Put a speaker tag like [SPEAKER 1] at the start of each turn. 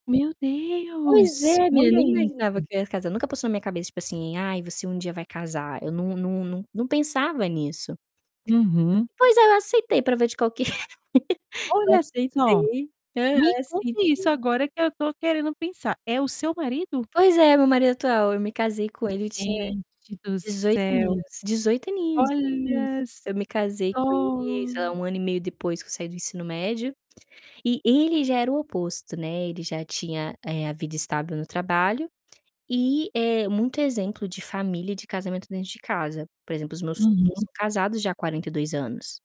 [SPEAKER 1] Meu
[SPEAKER 2] Pois
[SPEAKER 1] Deus!
[SPEAKER 2] é, menina,
[SPEAKER 1] Olha
[SPEAKER 2] nem imaginava
[SPEAKER 1] isso.
[SPEAKER 2] que eu ia casar. Nunca passou na minha cabeça, tipo, assim: "Ai, você um dia vai casar". Eu não não não não pensava nisso.
[SPEAKER 1] Uhum.
[SPEAKER 2] Pois é, eu aceitei para ver de qualquer eu
[SPEAKER 1] Olha só,
[SPEAKER 2] aceitei aham
[SPEAKER 1] me conte isso
[SPEAKER 2] aceitei.
[SPEAKER 1] agora, que eu estou querendo pensar. É o seu marido?
[SPEAKER 2] Pois é, meu marido atual. Eu me casei com ele eu tinha
[SPEAKER 1] Gente do
[SPEAKER 2] 18 aninhos
[SPEAKER 1] céu.
[SPEAKER 2] 18 aninhos, 18 aninhos.
[SPEAKER 1] Olha
[SPEAKER 2] Eu me casei com ele sei lá
[SPEAKER 1] só!
[SPEAKER 2] 1 ano e meio depois que eu saí do ensino médio. E ele já era o oposto, né, ele já tinha, eh, a vida estável no trabalho, e, eh, muito exemplo de família e de casamento dentro de casa. Por exemplo, os meus sogros
[SPEAKER 1] Uhum.
[SPEAKER 2] são casados já há 42 anos.